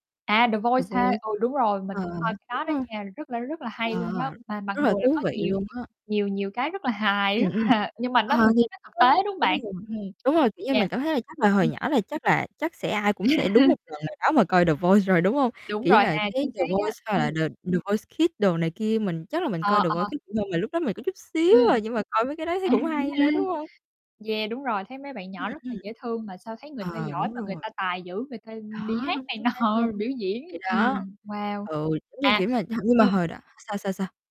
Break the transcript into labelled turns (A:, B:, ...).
A: À, The
B: The
A: Voice ha!
B: Voice.
A: Ừ, đúng rồi, mình
B: Ờ,
A: cũng
B: ờ,
A: coi cái
B: đúng
A: đó đó
B: hông?
A: nha, rất là rất là
B: Ờ,
A: hay luôn đó, mà mặc
B: rất là
A: dù là
B: thú
A: có
B: vị
A: nhiều
B: luôn á.
A: nhiều nhiều cái rất là hài,
B: Ừm
A: rất
B: hưm.
A: h nhưng mà nó
B: Ờ,
A: mình
B: thiệt
A: thấy nó thực
B: á,
A: tế, đúng
B: đúng
A: bạn?
B: rồi.
A: Ừm.
B: Đúng rồi, kiểu như
A: Yeah.
B: mình cảm thấy là chắc là hồi
A: Ừ.
B: nhỏ là chắc là chắc sẽ ai cũng sẽ đúng một lần nào đó mà coi The Voice rồi, đúng hông?
A: Đúng
B: Kiểu như
A: rồi
B: là
A: ha,
B: cái
A: chính
B: The
A: xác á.
B: Voice hoặc là
A: Ừm.
B: The The Voice Kids đồ này kia. Mình chắc là mình
A: Ờ,
B: coi The Voice
A: ờ.
B: Kids nhiều hơn, mà lúc đó mình có chút xíu
A: Ừm.
B: à, nhưng mà coi mấy cái đó thấy
A: À,
B: cũng
A: đúng rồi
B: hay nữa,
A: ha.
B: đúng hông?
A: Yeah, đúng rồi, thấy mấy bạn
B: Ừm,
A: nhỏ rất là
B: ừm.
A: dễ thương mà sao thấy người ta
B: Ờ,
A: giỏi
B: đúng
A: mà người
B: rồi.
A: ta tài dữ, người ta đi
B: Đó,
A: hát
B: đúng
A: này
B: chính xác
A: nọ,
B: luôn.
A: biểu diễn,
B: Thì đó,
A: ừm, wow.
B: ừ, giống như
A: À,
B: kiểu mà ch như mà
A: ừm.
B: hồi đó sao, sao, sao?